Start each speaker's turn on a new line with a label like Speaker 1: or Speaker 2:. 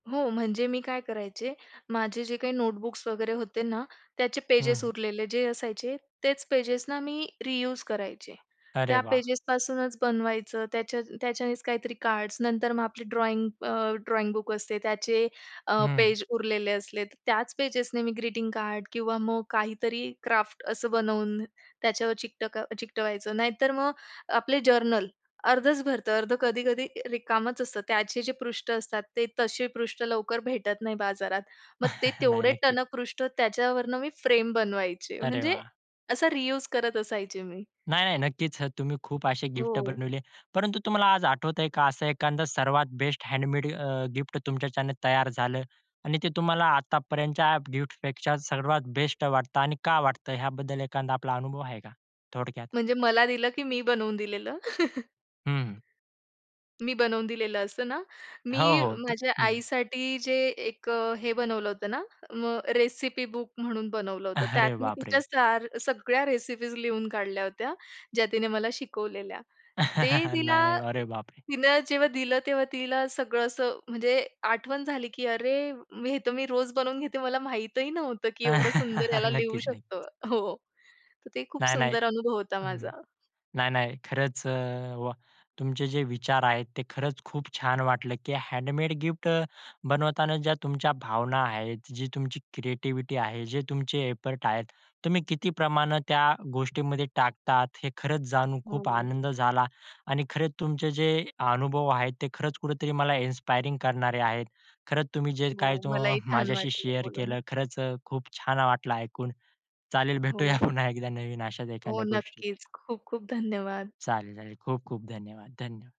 Speaker 1: हो. म्हणजे मी काय करायचे, माझे जे काही नोटबुक्स वगैरे होते ना, त्याचे पेजेस
Speaker 2: हं.
Speaker 1: उरलेले जे असायचे, तेच पेजेस ना मी रियूज करायचे.
Speaker 2: अरे
Speaker 1: त्या
Speaker 2: वाह!
Speaker 1: पेजेस पासूनच बनवायचं त्याच्या त्याच्यानेच काहीतरी कार्ड्स नंतर मग आपली ड्रॉइंग अ, ड्रॉइंगबुक असते त्याचे अ,
Speaker 2: हं.
Speaker 1: पेज उरलेले असले. त्याच पेजेसने मी ग्रीटिंग-कार्ड किंवा मग काहीतरी क्राफ्ट असं बनवून त्याच्यावर चिकटक चिकटवायचं. नाहीतर मग आपले जर्नल अर्धच भरतं, अर्धं कधी-कधी रिकामंच असतं. त्याचे जे पृष्ठ असतात ते तसे पृष्ठ लवकर भेटत नाही बाजारात. मग ते
Speaker 2: नाही.
Speaker 1: तेवढे
Speaker 2: नक्कीच.
Speaker 1: टणक पृष्ठ त्याच्यावरनं मी फ्रेम बनवायचे.
Speaker 2: अरे
Speaker 1: म्हणजे,
Speaker 2: वाह!
Speaker 1: असा रियूज करत असायचे मी.
Speaker 2: नाही, नाही. नक्कीच. अ, तुम्ही खूप असे गिफ्ट
Speaker 1: हो.
Speaker 2: बनवले. परंतु तुम्हाला आज आठवतंय का, असं एखादं सर्वात बेस्ट हँडमेड अ, गिफ्ट तुमच्याचान तयार झालं आणि ते तुम्हाला आतापर्यंतच्या गिफ्टपेक्षा सर्वात बेस्ट वाटतं आणि का वाटतं ह्याबद्दल एखादा आपला अनुभव आहे का? थोडक्यात.
Speaker 1: म्हणजे मला दिलं, की मी बनवून दिलेलं.
Speaker 2: हं.
Speaker 1: मी बनवून दिलेलं असतं ना,
Speaker 2: हो.
Speaker 1: मी
Speaker 2: होत.
Speaker 1: माझ्या
Speaker 2: हं.
Speaker 1: आईसाठी जे एक हे बनवलं होतं ना, मग रेसिपी-बुक म्हणून बनवलं होतं. त्यात
Speaker 2: अरे
Speaker 1: मी तिच्या
Speaker 2: बापरे!
Speaker 1: सार सगळ्या रेसिपीज लिहून काढल्या होत्या, ज्या तिने मला शिकवलेल्या. ते तिला
Speaker 2: नाही, नाही. अरे बाप रे!
Speaker 1: तिन जेव्हा दिलं तेव्हा तिला सगळं असं म्हणजे आठवण झाली की “अरे, हे तर मी रोज बनवून घेते, मला माहितही नव्हतं, की एवढं सुंदर याला लिहू
Speaker 2: नक्कीच, नक्कीच.
Speaker 1: शकतं.” हो. तर तो खूप
Speaker 2: नाही, नाही.
Speaker 1: सुंदर अनुभव होता
Speaker 2: हं, हं.
Speaker 1: माझा.
Speaker 2: नाही, नाही. खरंच अ, वा! तुमचे जे विचार आहेत. ते खरंच खूप छान वाटलं, की हँडमेड गिफ्ट अ, बनवताना ज्या तुमच्या भावना आहेत, जी तुमची क्रिएटिव्हिटी आहे, जे तुमचे एफर्ट आहेत. तुम्ही किती प्रमाणे त्या गोष्टींमध्ये टाकतात हे खरंच जाणून खूप
Speaker 1: हो.
Speaker 2: आनंद झाला आणि खरंच तुमचे जे अनुभव आहेत ते खरंच कुठेतरी मला इन्स्पायरिंग करणारे आहेत. खरंच तुम्ही जे काही
Speaker 1: हो.
Speaker 2: तो
Speaker 1: मलाही छान
Speaker 2: माझ्याशी
Speaker 1: वाटलं
Speaker 2: शेअर
Speaker 1: बोलून.
Speaker 2: केलं, खरंच अ, खूप छान वाटलं ऐकून, चालेल भेटूया
Speaker 1: हो.
Speaker 2: पुन्हा एकदा नवीन अशाच
Speaker 1: हो.
Speaker 2: एखाद्या गोष्टी
Speaker 1: नक्कीच खूप, खूप धन्यवाद.
Speaker 2: चालेल, चालेल, खूप-खूप धन्यवाद, थँक यू.